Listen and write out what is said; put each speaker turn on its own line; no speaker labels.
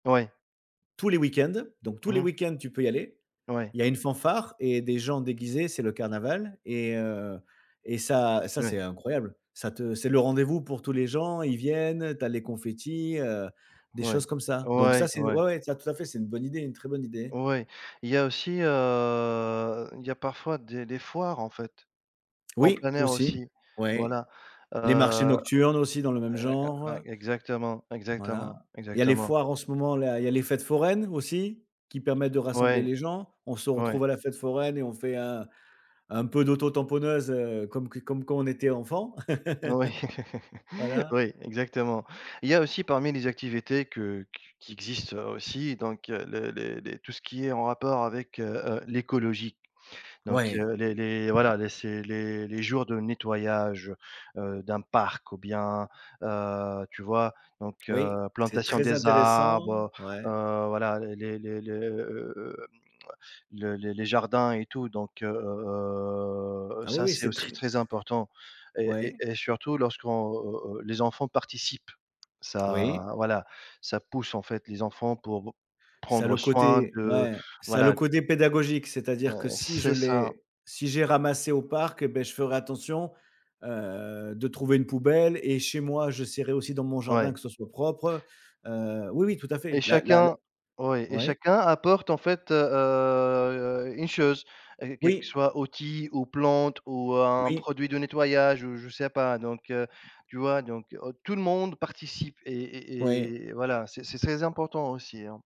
Ouais.
Tous les week-ends, donc tous les
Mmh.
week-ends tu peux y aller.
Ouais.
Il y a une fanfare et des gens déguisés, c'est le carnaval et heu, et ça ça c'est
Ouais.
incroyable. Ça te c'est le rendez-vous pour tous les gens, ils viennent, tu as les confettis, heu, des choses
Ouais,
comme ça donc ça
ouais,
c'est
ouais
ouais ouais, ça tout à fait, c'est une bonne idée, une très bonne idée.
Ouais, il y a aussi, heu, il y a parfois des des foires en fait. En
Oui,
plein air
aussi,
aussi
ouais.
voilà, heu
Les marchés
ouais
nocturnes aussi dans le même
ouais ouais,
genre.
exactement, exactement,
Voilà. Il y a les
exactement.
foires en ce moment là, il y a les fêtes foraines aussi qui permettent de rassembler
Ouais.
les gens. On se
Ouais.
retrouve à la fête foraine et on fait un un peu d'auto tamponneuse, heu, comme q comme quand on était enfant.
Oui,
Voilà.
oui, exactement. Il y a aussi parmi les activités que qu qui existent aussi donc heu, le les les tout ce qui est en rapport avec, heu, heu, l'écologie donc
Ouais!
heu, les les voilà les c'est les les jours de nettoyage, heu, d'un parc, ou bien, heu, tu vois? Donc
Oui,
heu,
c'est
plantation
très
des
intéressant,
arbres. Heu,
ouais.
voilà les les les le, heu, hem, le les les les jardins et tout donc heu, heu, heu,
Ah oui,
ça
oui,
c'est
c'est
aussi
très
très important et et
Ouais.
et surtout lorsqu'on, heu, heu les enfants participent.
Oui.
Ça voilà, ça pousse en fait les enfants pour
Ça a
prendre
le
soin
côté
de
ouais, ça a le
voilà de
côté pédagogique, c'est-à-dire que
Heu,
si je
c'est ça.
l'ai si j'ai ramassé au parc et beh, je ferai attention, heu, de trouver une poubelle et chez moi j'essaierai aussi dans mon jardin
Ouais.
que ce soit propre. Heu, oui oui tout à
Et
fait, la la la
chacun ouais et
ouais?
chacun apporte en fait, heu heu, une chose et quelque
Oui.
soit outil, ou plante, ou un
Oui.
produit de nettoyage, ou je sais pas donc heu, tu vois? Donc aut tout le monde participe et
OuI.
et et voilà c'est c'est très important aussi, hein.